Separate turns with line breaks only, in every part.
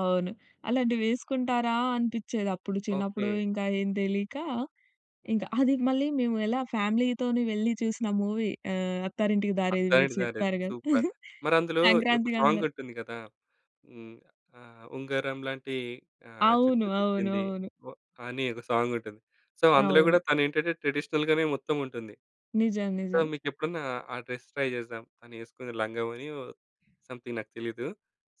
అవును. అలాంటివి వేసుకుంటారా? అనిపిచ్చేది అప్పుడు. చిన్నప్పుడు
ఓకే.
ఇంకా ఏం తెలియక ఇంక అది మళ్ళీ మేము ఎలా ఫ్యామిలీ‌తోని వెళ్లి చూసిన మూవీ ఆహ్, 'అత్తారింటికి దారేది' మీరు
'అత్తారింటికి దారేది'
చెప్పారు కదా!
సూపర్. మరందులో ఈ ఒక
సంక్రాంతికి
సాంగ్
అందరం
ఉంటుంది కదా! హ్మ్. ఆహ్, ఉంగరం లాంటి ఆహ్,
అవును.
జుట్టు
అవును.
తిప్పింది.
అవును.
ఓహ్, అని ఒక సాంగ్ ఉంటుంది. సో అందులో కూడా
అవును.
తను ఏంటంటే, ట్రెడిషనల్ గానే మొత్తం ఉంటుంది.
నిజం.
సో
నిజం.
మీకు ఎప్పుడన్నా, ఆ డ్రెస్ ట్రై చేద్దాం, తను వేసుకున్న లంగా ఓణి ఓహ్, సమ్‌థింగ్ నాకు తెలీదు.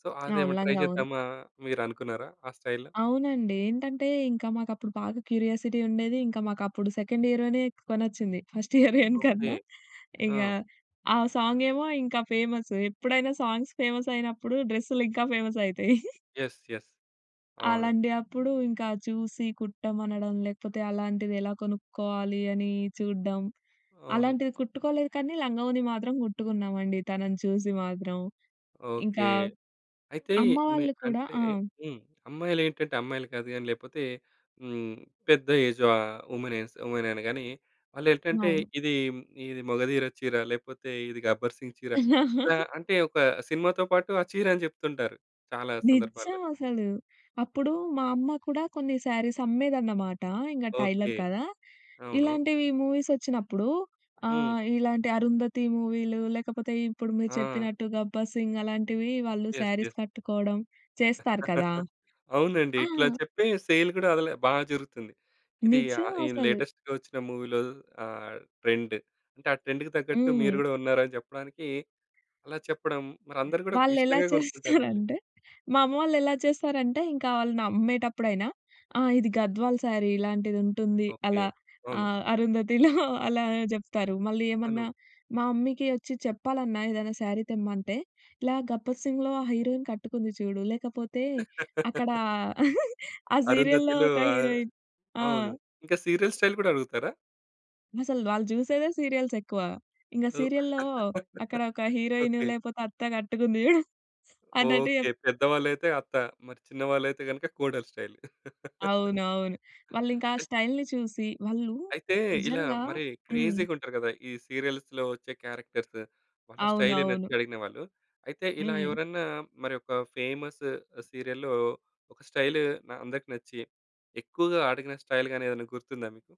సో
అవును.
అదేమన్నా ట్రై
లంగా, ఓణి.
చేద్దామా, మీరు అనుకున్నారా ఆ స్టైల్‌లో?
అవునండి. ఏంటంటే ఇంకా మాకప్పుడు బాగా క్యూరియాసిటీ ఉండేది. ఇంకా మాకప్పుడు సెకండ్ ఇయరోనే కొనొచ్చింది ఫస్ట్ ఇయర్‌ దాని
ఓకే.
కన్నా. ఇంగా
ఆ!
ఆ సాంగ్ ఏమో ఇంకా ఫేమసు. ఎప్పుడైనా సాంగ్స్ ఫేమస్ అయినప్పుడు డ్రెస్‌లు ఇంకా ఫేమస్ అయితాయి.
Yes, yes. అవును.
అలాంటి అప్పుడు ఇంకా చూసి కుట్టమనడం లేకపోతే అలాంటిది ఎలా కొనుక్కోవాలి అని చూడ్డం.
అవును.
అలాంటిది కుట్టుకోలేదు కానీ లంగా, ఓణి మాత్రం కుట్టుకున్నామండి తనను చూసి మాత్రం.
ఓకే.
ఇంకా
అయితే
అమ్మ
మీ
వాళ్ళు కూడా
అంటే
ఆ!
హ్మ్. అమ్మాయిలేంటంటే, అమ్మాయిలు కాదు గాని లేకపోతే హ్మ్, పెద్ద ఏజా ఆహ్, వుమెన్ ఎస్ వుమెననగానే వాళ్ళు ఏంటంటే
అవును.
ఇది, ఇది 'మగధీర' చీర లేపోతే ఇది 'గబ్బర్ సింగ్' చీర ఇలా అంటే ఒక సినిమాతో పాటు ఆ చీరని చెప్తుంటారు చాలా సందర్భాల్లో.
నిజం అసలు. అప్పుడు మా అమ్మ కూడా కొన్ని శారీస్ అమ్మేదన్నమాట. ఇంగా టైలర్
ఓకే.
కదా!
అవును.
ఇలాంటివి మూవీస్ వచ్చినప్పుడు
హ్మ్.
ఆహ్, ఇలాంటి 'అరుంధతి' మూవీలు లేకపోతే ఇప్పుడు మీరు
ఆ!
చెప్పినట్టు 'గబ్బర్ సింగ్' అలాంటివి వాళ్ళు
యస్,
శారీస్
యస్.
కట్టుకోవడం చేస్తారు కదా!
అవునండి.
ఆ!
ఇట్లా చెప్పి సేల్ కూడా అదేలే బాగా జరుగుతుంది. ఇది
నిజం
ఆహ్,
అసలు.
లేటెస్ట్‌గా వచ్చిన మూవీ‌లో ఆహ్, ట్రెండ్. అంటే ఆ ట్రెండ్‌కి తగ్గట్టు మీరు
హ్మ్.
కూడా ఉన్నారని చెప్పడానికి, అలా చెప్పడం మరి అందరూ కూడా
వాళ్ళు ఎలా
ఇష్టంగా కొనుక్కుంటారు మళ్ళీ.
చేస్తారంటే, మా అమ్మ వాళ్ళు ఎలా చేస్తారంటే ఇంకా వాళ్ళని అమ్మేటప్పుడైనా ఆ! ఇది 'గద్వాల్' శారీ ఇలాంటిది ఉంటుంది
ఓకే.
అలా, ఆ!
అవును.
అరుంధతిలో అలా చెప్తారు. మళ్ళీ ఏమన్నా
అను.
మా మమ్మీకి వచ్చి చెప్పాలన్నా ఏదైనా శారీ తెమ్మంటే, ఇలా 'గబ్బర్ సింగ్‌లో' ఆ హీరోయిన్ కట్టుకుంది చూడు లేకపోతే అక్కడా ఆ సీరియల్‌లో
అరుంధతిలో
ఒక
ఆహ్,
హీరోయిన్ ఆ!
అవును. ఇంకా సీరియల్ స్టైల్ కూడా అడుగుతారా?
అసలు వాళ్ళు జుసేదే సీరియల్స్ ఎక్కువ. ఇంకా
ఓహ్!
సీరియల్‌లో అక్కడ ఒక హీరోయిన్
ఓకే.
లేకపోతే అత్త కట్టుకుంది చూడు అన్నట్టు
ఓకే.
చెప్
పెద్దవాళ్ళుయితే అత్త. మరి చిన్న వాళ్ళుయితే గనక కోడలు స్టైల్.
అవునవును. వాళ్ళు ఇంకా ఆ స్టైల్‌ని చూసి, వాళ్ళు
అయితే ఇలా
నిజంగా
మరి
హ్మ్.
క్రేజీ‌గా ఉంటరు కదా! ఈ సీరియల్స్‌లో వచ్చే క్యారెక్టర్సు. వాళ్ళ స్టైలు
అవునవును.
నచ్చి అడిగినవాళ్ళు. అయితే ఇలా
హ్మ్.
ఎవరన్నా మరి ఒక ఫేమసు సీరియల్‌లో ఒక స్టైలు అందరికి నచ్చి, ఎక్కువగా అడిగిన స్టైల్ గాని ఏదైనా గుర్తుందా మీకు?